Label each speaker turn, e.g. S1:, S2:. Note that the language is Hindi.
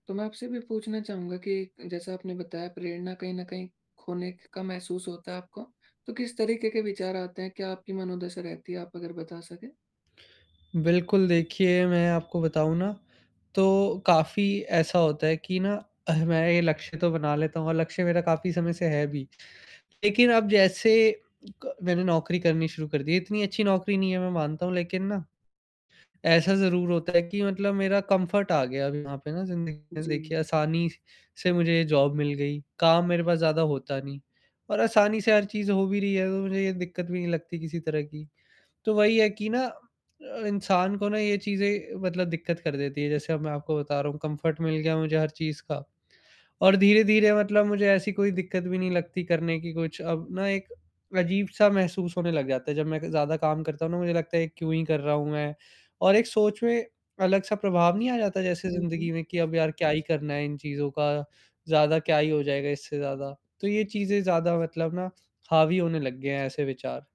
S1: तो मैं आपसे ये भी पूछना चाहूँगा कि, जैसा आपने बताया प्रेरणा कहीं न कहीं ख़ोने क का महसूस होता है आपको, तो किस तरीक़े के विचार आते हैं, क्या आपकी मनोदशा रहती है आप अगर बता सकें?
S2: बिल्कुल, देखिए मैं आपको बताऊँ ना, तो काफ़ी ऐसा होता है कि ना एह, मैं ये लक्ष्य तो बना लेता हूँ अलग से, मेरा काफ़ी समय से है भी। लेकिन अब जैसे क मैंने नौकरी करनी शुरू कर दी है, इतनी अच्छी नौकरी नहीं है मैं मानता हूँ लेक़िन ना, ऐसा ज़रूर होता है कि मतलब मेरा कम्फ़र्ट आ गया, अभी यहाँ पे ना ज़िंदगी में, देखिए
S1: जी।
S2: आसानी से मुझे जॉब मिल गई। काम मेरे पास ज़्यादा होता नहीं और आसानी से हर चीज़ हो भी रही है, तो मुझे ये दिक़्क़त भी नहीं लगती किसी तरह की, तो वही है कि ना अ, इंसान को ना ये चीज़ें मतलब दिक़्क़त कर देती है। जैसे अब मैं आपको बता रहा हूँ कम्फ़र्ट मिल गया है मुझे हर चीज़ का, और धीरे-धीरे मतलब मुझे ऐसी कोई दिक़्क़त भी नहीं लगती करने की, कुछ अब ना एक अजीब-सा महसूस होने लग जाता है, जब मैं क ज़्यादा काम करता हूँ ना, मुझे लगता है कि क्यों ही कर रहा हूँ मैं? और एक सोच में अलग-सा प्रभाव नहीं आ जाता, जैसे
S1: हुँ,
S2: ज़िंदगी में
S1: हुँ।
S2: कि अब यार क्या ही करना है इन चीज़ों का, ज़्यादा क्या ही हो जाएगा इससे ज़्यादा, तो ये चीज़ें ज़्यादा मतलब ना हावी होने लग गए हैं ऐसे विचार।